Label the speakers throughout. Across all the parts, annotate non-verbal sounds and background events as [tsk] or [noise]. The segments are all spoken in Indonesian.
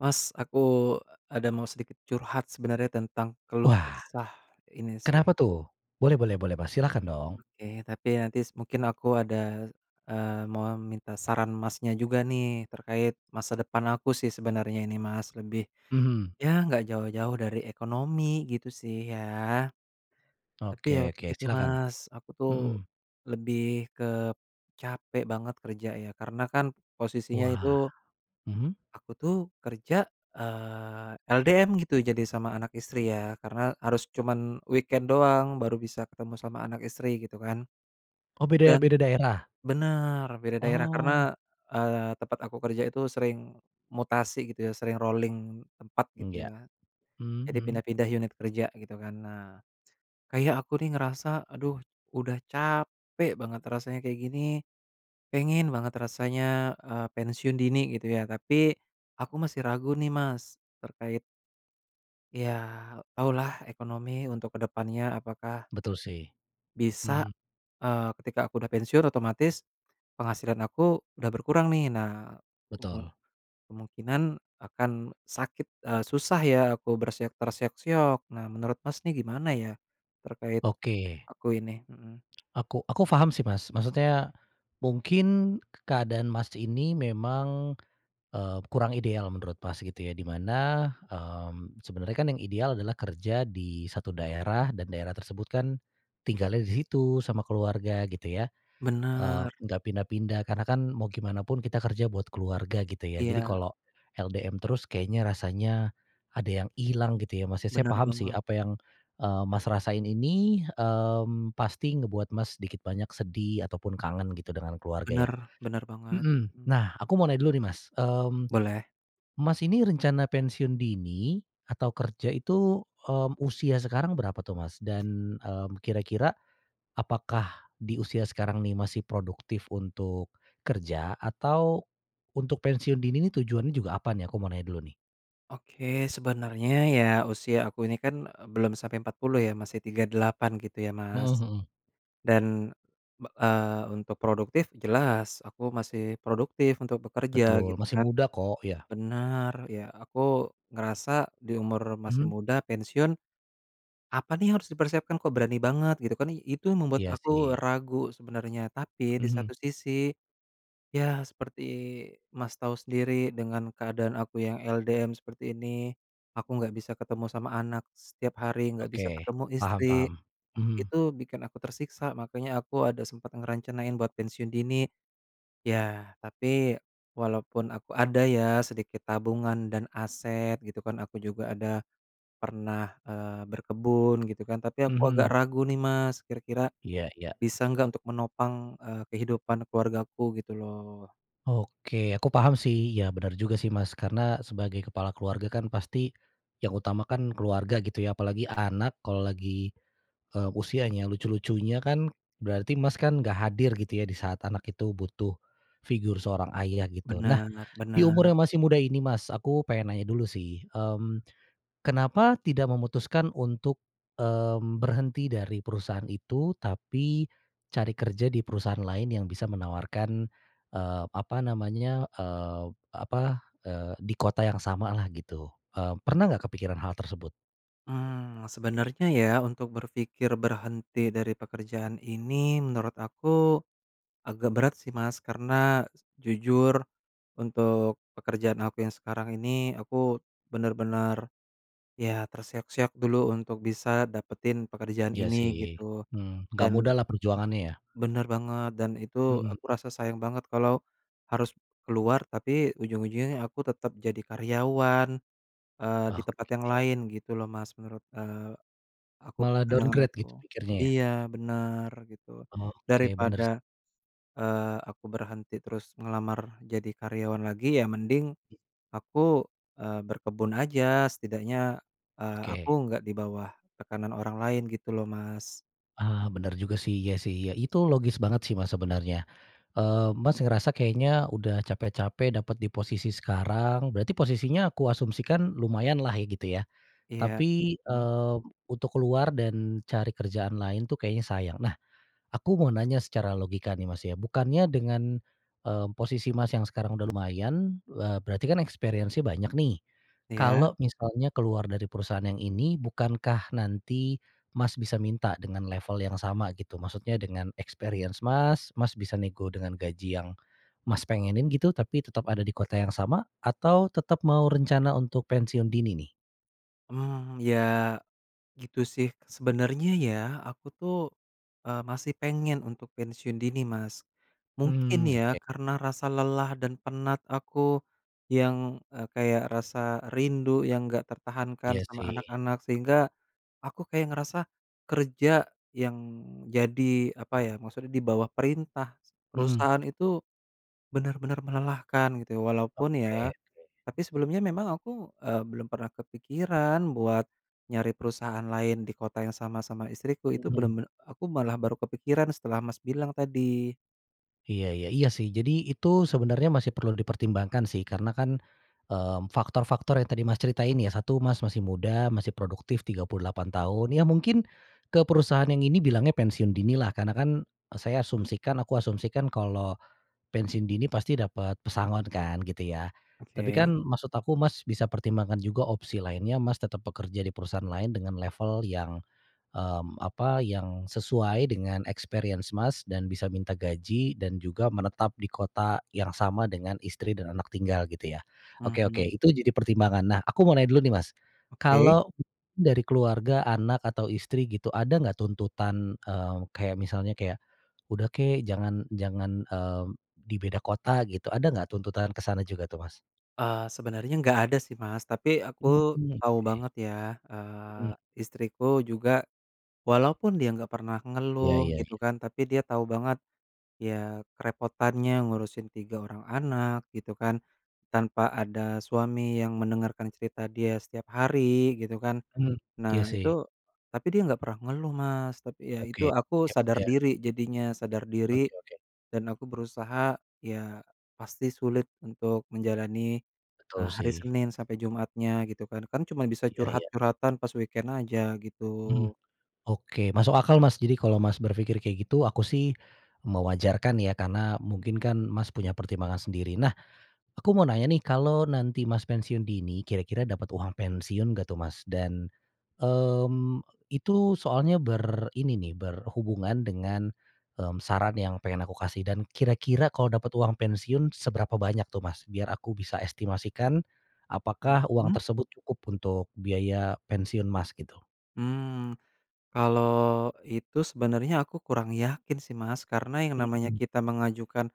Speaker 1: Mas aku, e ada mau sedikit curhat sebenernya tentang keluh
Speaker 2: Wah,
Speaker 1: kesah ini sih.
Speaker 2: kenapa tuh? Boleh boleh boleh Mas silahkan dong.
Speaker 1: Oke tapi nanti s mungkin aku ada, eee, mau minta saran Masnya juga nih terkait masa depan aku sih sebenernya ini Mas lebih
Speaker 2: Mhm.
Speaker 1: ya nggak jauh-jauh dari ekonomi gitu sih ya. Tapi ya
Speaker 2: Oke oke
Speaker 1: begitu
Speaker 2: silahkan,
Speaker 1: Mas aku tuh,
Speaker 2: mhm.
Speaker 1: lebih kep capek banget kerja ya karena kan posisinya itu
Speaker 2: Wah, mhm.
Speaker 1: aku tuh kerja, eee, LDM gitu jadi sama anak istri ya karena harus cuman weekend doang baru bisa ketemu sama anak istri gitu kan.
Speaker 2: Oh beda beda
Speaker 1: Dan
Speaker 2: daerah?
Speaker 1: bener beda daerah
Speaker 2: Oh.
Speaker 1: karena, eee, tempat aku kerja itu sering, mutasi gitu ya sering rolling tempat
Speaker 2: Mmm,
Speaker 1: gitu
Speaker 2: ya,
Speaker 1: ya.
Speaker 2: mmm,
Speaker 1: Jadi
Speaker 2: mhm.
Speaker 1: pindah-pindah unit kerja gitu kan nah, kayak aku nih ngerasa aduh udah capek banget rasanya kayak gini, pengen banget rasanya, eee, pensiun dini gitu ya tapi, aku masih ragu nih Mas, terkait ya taulah ekonomi untuk ke depannya apakah
Speaker 2: Betul sih,
Speaker 1: bisa,
Speaker 2: mhm.
Speaker 1: eee, ketika aku udah pensiun otomatis, penghasilan aku udah berkurang nih nah, kemu
Speaker 2: Betul.
Speaker 1: kemungkinan akan sakit, eee, susah ya aku berseok terseok-seok nah menurut Mas nih gimana ya? Terkait,
Speaker 2: Oke.
Speaker 1: aku ini mhm.
Speaker 2: Aku aku paham sih Mas maksudnya, mungkin k keadaan Mas ini memang, eee, kurang ideal menurut Mas gitu ya di mana, mmm, sebenarnya kan yang ideal adalah kerja di 1 daerah dan daerah tersebut kan, tinggalnya di situ sama keluarga gitu ya, eee,
Speaker 1: Bener.
Speaker 2: gak pindah-pindah karena kan mau gimana pun kita kerja buat keluarga gitu ya jadi
Speaker 1: Iya.
Speaker 2: kalau, LDM terus kayaknya rasanya, ada yang hilang gitu ya Mas ya saya
Speaker 1: Bener
Speaker 2: paham sih
Speaker 1: banget.
Speaker 2: apa yang, eee, Mas rasain ini, mmm, pasti ngebuat Mas sedikit banyak sedih ataupun kangen gitu dengan keluarga ya,
Speaker 1: Bener bener banget,
Speaker 2: mhm,
Speaker 1: mmm.
Speaker 2: nah aku mau nanya dulu nih Mas, mmm,
Speaker 1: Boleh.
Speaker 2: Mas ini rencana pensiun dini atau kerja itu, mmm, usia sekarang berapa tuh Mas? Dan, mmm, kira-kira, apakah di usia sekarang nih masih produktif untuk, kerja atau, untuk pensiun dini nih tujuannya juga apa nih? Aku mau nanya dulu nih.
Speaker 1: Oke sebenernya ya usia aku ini kan, e belum sampe 40 ya masih 38 gitu ya
Speaker 2: Mhm
Speaker 1: Mas.
Speaker 2: mhm.
Speaker 1: Dan, be eee, untuk produktif jelas aku masih produktif untuk bekerja
Speaker 2: Betul
Speaker 1: gitu
Speaker 2: masih
Speaker 1: kan,
Speaker 2: muda kok ya.
Speaker 1: benar ya aku ngerasa di umur masih
Speaker 2: Mhm.
Speaker 1: muda pensiun. Apa nih yang harus dipersiapkan? Kok berani banget gitu kan i itu membuat
Speaker 2: Iya
Speaker 1: aku
Speaker 2: sih.
Speaker 1: ragu sebenernya tapi di
Speaker 2: Mhm.
Speaker 1: satu sisi. Ya seperti Mas tau sendiri dengan keadaan aku yang LDM seperti ini, aku gak bisa ketemu sama anak, setiap hari gak bisa
Speaker 2: Oke
Speaker 1: ketemu
Speaker 2: paham
Speaker 1: istri,
Speaker 2: paham, mhm.
Speaker 1: itu bikin aku tersiksa makanya aku ada sempet ngerencanain buat pensiun dini, ya tapi walaupun aku ada ya sedikit tabungan dan aset gitu kan aku juga ada, pernah, eee, berkebun gitu kan tapi aku agak
Speaker 2: Mhm.
Speaker 1: ragu nih Mas kira-kira,
Speaker 2: Iya iya.
Speaker 1: bisa nggak untuk menopang, eee, kehidupan keluargaku gitu loh.
Speaker 2: Oke aku paham sih iya benar juga sih Mas karena sebagai kepala keluarga kan pasti, yang utama kan keluarga gitu ya apalagi anak kalau lagi, eee, usianya lucu-lucunya kan, berarti Mas kan nggak hadir gitu ya di saat anak itu butuh, figur seorang ayah gitu nah,
Speaker 1: Bener
Speaker 2: di umur
Speaker 1: bener.
Speaker 2: yang masih muda ini Mas, aku pengen nanya dulu sih, mmm, kenapa tidak memutuskan untuk, mmm, berhenti dari perusahaan itu? Tapi, cari kerja di perusahaan lain yang bisa menawarkan, eee, apa namanya, eee, apa, eee, di kota yang samalah gitu, eee, pernah nggak kepikiran hal tersebut?
Speaker 1: Mmm, sebenernya ya untuk berpikir berhenti dari pekerjaan ini menurut aku, agak berat sih Mas karena, jujur, untuk pekerjaan aku yang sekarang ini aku, bener-bener. Ya terseok-seok dulu untuk bisa dapetin pekerjaan
Speaker 2: Ya
Speaker 1: ini
Speaker 2: sih,
Speaker 1: gitu,
Speaker 2: mmm, nggak
Speaker 1: dan
Speaker 2: mudahlah perjuangannya ya.
Speaker 1: Bener banget dan itu
Speaker 2: Mhm.
Speaker 1: aku rasa sayang banget kalo, harus keluar tapi ujung-ujungnya aku tetep jadi karyawan, eee, di tempat yang
Speaker 2: Oke.
Speaker 1: lain gitu loh Mas menurut, eee, aku
Speaker 2: Malah
Speaker 1: pandangan
Speaker 2: downgrade gitu
Speaker 1: aku,
Speaker 2: pikirnya ya?
Speaker 1: iya bener gitu,
Speaker 2: Oke bener s
Speaker 1: daripada, eee, aku berhenti terus ngelamar jadi karyawan lagi ya mending, aku, eee, berkebun aja setidaknya, eee, aku
Speaker 2: Oke.
Speaker 1: nggak di bawah, tekanan orang lain gitu loh, Mas.
Speaker 2: Ah, bener juga sih, iya sih, iya itu logis banget sih Mas sebenarnya, eee, Mas, ngerasa kayaknya udah capek-capek dapat di posisi sekarang. Berarti posisinya aku asumsikan lumayanlah ya gitu ya?
Speaker 1: Iya,
Speaker 2: Tapi,
Speaker 1: mhm.
Speaker 2: eee, untuk keluar dan cari kerjaan lain tuh kayaknya sayang. Nah, aku mau nanya secara logika nih, Mas, ya bukannya dengan, eee, posisi, Mas, yang sekarang udah lumayan, eee, berarti kan experience-nya banyak nih,
Speaker 1: Iya.
Speaker 2: kalau misalnya keluar dari perusahaan yang ini bukankah nanti, Mas, bisa minta dengan level yang sama gitu maksudnya dengan experience Mas Mas bisa nego dengan gaji yang, Mas, pengenin gitu tapi tetap ada di kota yang sama atau tetap mau rencana untuk pensiun dini nih?
Speaker 1: Hmm ya, gitu sih sebenernya ya, aku tuh, eee, masih pengen untuk pensiun dini Mas, mungkin
Speaker 2: Mmm, [tsk]
Speaker 1: ya
Speaker 2: oke.
Speaker 1: karena rasa lelah dan penat aku yang, eee, kayak rasa rindu yang nggak tertahankan
Speaker 2: Iya
Speaker 1: sama
Speaker 2: sih.
Speaker 1: anak-anak sehingga, aku kayak ngerasa kerja yang jadi apa ya maksudnya di bawah perintah
Speaker 2: Mhm.
Speaker 1: perusahaan itu, benar-benar melelahkan gitu walaupun ya
Speaker 2: Oke oke.
Speaker 1: tapi sebelumnya memang aku, eee, belum pernah kepikiran buat nyari perusahaan lain di kota yang sama-sama istriku itu
Speaker 2: Mhm.
Speaker 1: bener-bener aku malah baru kepikiran setelah Mas bilang tadi.
Speaker 2: Iya iya iya sih. Jadi itu sebenarnya masih perlu dipertimbangkan sih karena kan, eee, faktor-faktor yang tadi, Mas, ceritain ya satu, Mas masih muda masih produktif, 38 tahun. Ya mungkin, ke perusahaan yang ini bilangnya pensiun dini lah karena kan saya asumsikan aku asumsikan kalau, pensiun dini pasti dapat pesangon kan gitu ya, tapi kan
Speaker 1: Oke.
Speaker 2: maksud aku, Mas, bisa pertimbangkan juga opsi lainnya Mas tetap bekerja di perusahaan lain dengan level yang, mmm, apa yang sesuai dengan experience Mas dan bisa minta gaji dan juga menetap di kota yang sama dengan istri dan anak tinggal gitu ya. Oke oke
Speaker 1: Mhm.
Speaker 2: itu jadi pertimbangan. Nah, aku mau nanya dulu nih Mas,
Speaker 1: Oke.
Speaker 2: kalau dari keluarga anak atau istri gitu ada nggak tuntutan, eee, kayak misalnya kayak, "Udah kek jangan jangan, mmm, di beda kota," gitu. Ada nggak tuntutan ke sana juga tuh, Mas?
Speaker 1: Eee, sebenernya nggak ada sih, Mas, tapi
Speaker 2: Mmm,
Speaker 1: aku
Speaker 2: oke.
Speaker 1: tau banget ya, eee,
Speaker 2: Mhm.
Speaker 1: istriku juga, walaupun dia nggak pernah
Speaker 2: Iya
Speaker 1: ngeluh
Speaker 2: iya
Speaker 1: gitu
Speaker 2: iya.
Speaker 1: kan tapi dia tau banget, ya kerepotannya ngurusin 3 orang anak gitu kan, tanpa ada suami yang mendengarkan cerita dia setiap hari gitu kan.
Speaker 2: Mhm, iya
Speaker 1: Nah itu,
Speaker 2: sih.
Speaker 1: tapi dia nggak pernah ngeluh, Mas, tapi ya itu,
Speaker 2: Oke,
Speaker 1: aku
Speaker 2: hebat
Speaker 1: sadar
Speaker 2: ya
Speaker 1: diri jadinya, sadar diri,
Speaker 2: Oke oke.
Speaker 1: dan aku berusaha, ya pasti sulit untuk menjalani,
Speaker 2: Betul
Speaker 1: eee, hari
Speaker 2: sih.
Speaker 1: Senin sampe Jumatnya gitu kan kan cuma bisa
Speaker 2: Iya iya.
Speaker 1: curhat-curhatan pas weekend aja gitu.
Speaker 2: Mhm, oke masuk akal, Mas. Jadi kalau Mas berpikir kayak gitu aku sih, mewajarkan ya karena mungkin kan, Mas, punya pertimbangan sendiri. Nah, aku mau nanya nih kalau nanti, Mas, pensiun dini kira-kira dapat uang pensiun nggak tuh, Mas? Dan, mmm, itu soalnya ber ini nih berhubungan dengan, mmm, saran yang pengen aku kasih dan kira-kira kalau dapat uang pensiun seberapa banyak tuh, Mas, biar aku bisa estimasikan, apakah uang
Speaker 1: Mhm.
Speaker 2: tersebut cukup untuk biaya pensiun, Mas, gitu.
Speaker 1: Mmm, kalo itu sebenernya aku kurang yakin sih, Mas, karena yang namanya
Speaker 2: Mhm.
Speaker 1: kita mengajukan,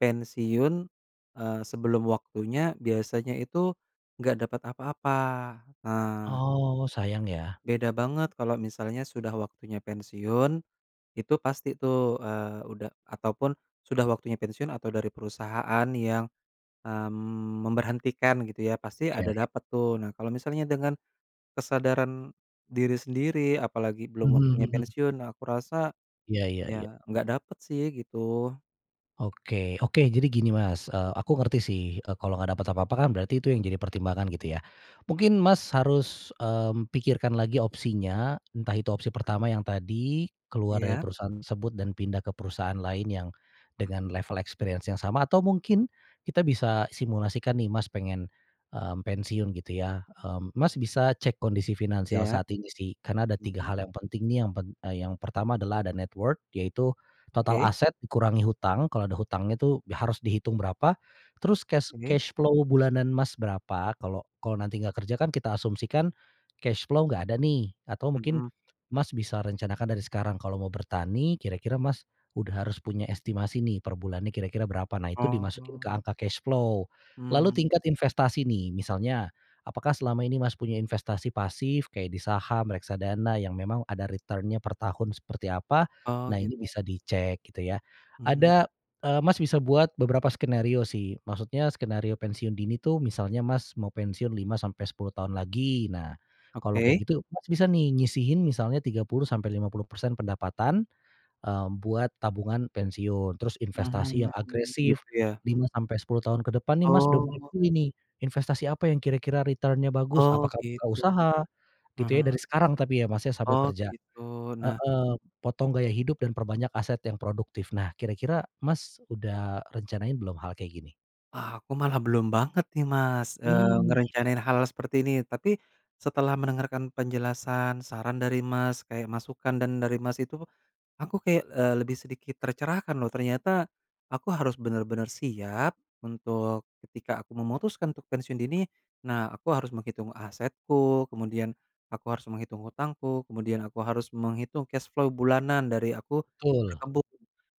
Speaker 1: pensiun, eee, sebelum waktunya, biasanya itu nggak dapet apa-apa, eee
Speaker 2: Oh, sayang ya.
Speaker 1: Beda banget kalo misalnya sudah waktunya pensiun, itu pasti tuh, eee, udah ataupun sudah waktunya pensiun atau dari perusahaan yang, mmm, memberhentikan gitu ya, pasti
Speaker 2: Oke
Speaker 1: ada
Speaker 2: oke.
Speaker 1: dapet tuh. Nah kalo misalnya dengan, kesadaran diri sendiri apalagi belum
Speaker 2: Mhm
Speaker 1: waktunya
Speaker 2: mhm.
Speaker 1: pensiun, nah aku rasa,
Speaker 2: Iya iya iya.
Speaker 1: ya nggak dapet sih gitu.
Speaker 2: Oke, oke jadi gini Mas, eee, aku ngerti sih, eee, kalau nggak dapat apa-apa kan berarti itu yang jadi pertimbangan gitu ya. Mungkin, Mas, harus, mmm, pikirkan lagi opsinya entah itu opsi pertama yang tadi keluar dari
Speaker 1: Iya.
Speaker 2: perusahaan tersebut dan pindah ke perusahaan lain yang dengan level experience yang sama atau mungkin kita bisa simulasikan nih, Mas, pengen, mmm, pensiun gitu ya, mmm, Mas, bisa cek kondisi finansial
Speaker 1: Iya.
Speaker 2: saat ini sih kan ada tiga
Speaker 1: Mhm.
Speaker 2: hal yang penting nih yang pen yang pertama adalah ada net worth yaitu total
Speaker 1: Oke.
Speaker 2: aset dikurangi hutang kalau ada hutangnya tu, harus dihitung berapa, terus cash
Speaker 1: Oke.
Speaker 2: cash flow bulanan Mas berapa kalau kalau nanti nggak kerja kan kita asumsikan, cash flow nggak ada nih atau mungkin,
Speaker 1: Mhm.
Speaker 2: Mas, bisa rencanakan dari sekarang kalau mau bertani kira-kira, Mas, udah harus punya estimasi nih, perbulannya kira-kira berapa nah itu di masukin ke
Speaker 1: Oh.
Speaker 2: angka cash flow, lalu
Speaker 1: Mmm.
Speaker 2: tingkat investasi nih misalnya, apakah selama ini Mas punya investasi pasif kayak di saham, reksadana yang memang ada return-nya per tahun seperti apa,
Speaker 1: Oh
Speaker 2: nah ini
Speaker 1: gitu.
Speaker 2: bisa di cek gitu ya
Speaker 1: Mhm.
Speaker 2: ada, eee, Mas, bisa buat beberapa skenario sih maksudnya skenario pensiun dini itu misalnya, Mas, mau pensiun 5 sampai 10 tahun lagi. Nah, kalau
Speaker 1: Oke.
Speaker 2: kayak gitu, Mas, bisa nih nyisihin misalnya 30 sampai 50% pendapatan, eee, buat tabungan pensiun. Terus investasi
Speaker 1: Mhm,
Speaker 2: yang agresif
Speaker 1: gitu ya,
Speaker 2: 5
Speaker 1: mhm.
Speaker 2: sampai 10 tahun ke depan nih, Mas, udah mulai
Speaker 1: Oh.
Speaker 2: pilih nih investasi apa yang kira-kira return-nya bagus
Speaker 1: Oh
Speaker 2: apakah buka
Speaker 1: gitu,
Speaker 2: usaha gitu ya
Speaker 1: mhm.
Speaker 2: dari sekarang tapi ya, Mas, ya, sambil
Speaker 1: Oh
Speaker 2: kerja
Speaker 1: gitu nah
Speaker 2: heeh, potong gaya hidup dan perbanyak aset yang produktif. Nah kira-kira Mas udah rencanain belum hal kayak gini?
Speaker 1: Ah aku malah belum banget nih Mas, eee,
Speaker 2: Mmm, iya.
Speaker 1: ngerencanain hal seperti ini. Tapi, setelah mendengarkan penjelasan saran dari, Mas, kayak masukan dan dari Mas itu, aku kayak, eee, lebih sedikit tercerahkan loh ternyata, aku harus benar-benar siap untuk ketika aku memutuskan untuk pensiun dini, nah aku harus menghitung asetku, kemudian aku harus menghitung hutangku kemudian aku harus menghitung cash flow bulanan dari aku
Speaker 2: Betul.
Speaker 1: berkebun,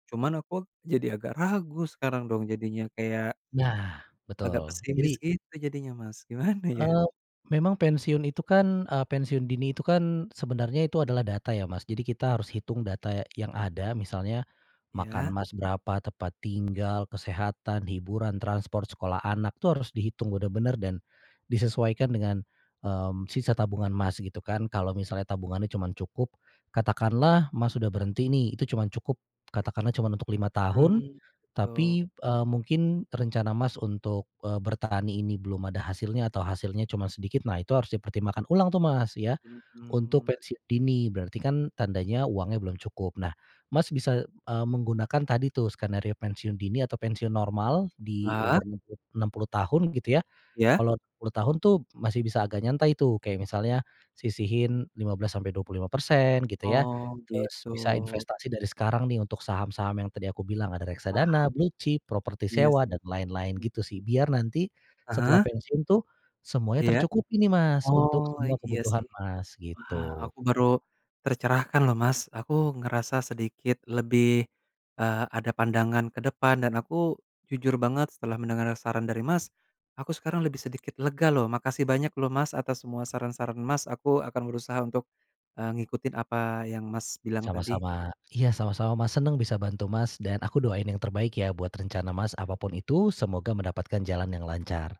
Speaker 1: cuman aku jadi agak ragu sekarang dong jadinya kayak
Speaker 2: Nah
Speaker 1: agak
Speaker 2: betul,
Speaker 1: pesimis
Speaker 2: jadi
Speaker 1: gitu jadinya, Mas, gimana ya?
Speaker 2: Eee, memang pensiun itu kan, eee, pensiun dini itu kan sebenarnya itu adalah data ya, Mas. Jadi, kita harus hitung data ya yang ada misalnya, makan
Speaker 1: Iya.
Speaker 2: Mas, berapa tempat tinggal, kesehatan, hiburan, transport, sekolah anak tuh harus dihitung benar-benar dan disesuaikan dengan, mmm, sisa tabungan, Mas, gitu kan kalau misalnya tabungannya cuman cukup katakanlah Mas sudah berhenti nih itu cuman cukup katakanlah cuman untuk 5 tahun,
Speaker 1: Mmm, gitu.
Speaker 2: tapi, eee, mungkin rencana Mas untuk, eee, bertani ini belum ada hasilnya atau hasilnya cuman sedikit. Nah, itu harus dipertimbangkan ulang tuh, Mas, ya, untuk
Speaker 1: Mhm.
Speaker 2: pensiun dini. Berarti kan tandanya uangnya belum cukup nah, Mas, bisa, e eee, menggunakan tadi tuh skenario pensiun dini atau pensiun normal di
Speaker 1: Heeh.
Speaker 2: umur enam puluh enam puluh tahun gitu ya.
Speaker 1: Iya.
Speaker 2: Kalau 60 tahun tuh masih bisa agak nyantai tuh, kayak misalnya sisihin 15 sampai 25% gitu ya
Speaker 1: Oh
Speaker 2: terus
Speaker 1: gitu.
Speaker 2: bisa investasi dari sekarang nih, untuk saham-saham yang tadi aku bilang ada
Speaker 1: Wah.
Speaker 2: reksadana, blue chip, properti
Speaker 1: Iya
Speaker 2: sewa
Speaker 1: sih,
Speaker 2: dan lain-lain
Speaker 1: mhm.
Speaker 2: gitu sih. Biar nanti
Speaker 1: Ah
Speaker 2: setelah
Speaker 1: hah.
Speaker 2: pensiun tuh semuanya
Speaker 1: Iya.
Speaker 2: tercukupi nih, Mas, untuk
Speaker 1: Oh
Speaker 2: semua
Speaker 1: iya
Speaker 2: kebutuhan,
Speaker 1: sih.
Speaker 2: Mas,
Speaker 1: Wah
Speaker 2: gitu.
Speaker 1: aku baru, tercerahkan loh, Mas, aku ngerasa sedikit lebih, eee, ada pandangan ke depan dan aku jujur banget setelah mendengar saran dari, Mas, aku sekarang lebih sedikit lega loh makasih banyak loh, Mas, atas semua saran-saran, Mas, aku akan berusaha untuk, eee, ngikutin apa yang, Mas, bilang tadi.
Speaker 2: Sama-sama. Iya sama-sama, Mas, seneng bisa bantu, Mas, dan aku doain yang terbaik ya buat rencana, Mas, apa pun itu semoga mendapatkan jalan yang lancar.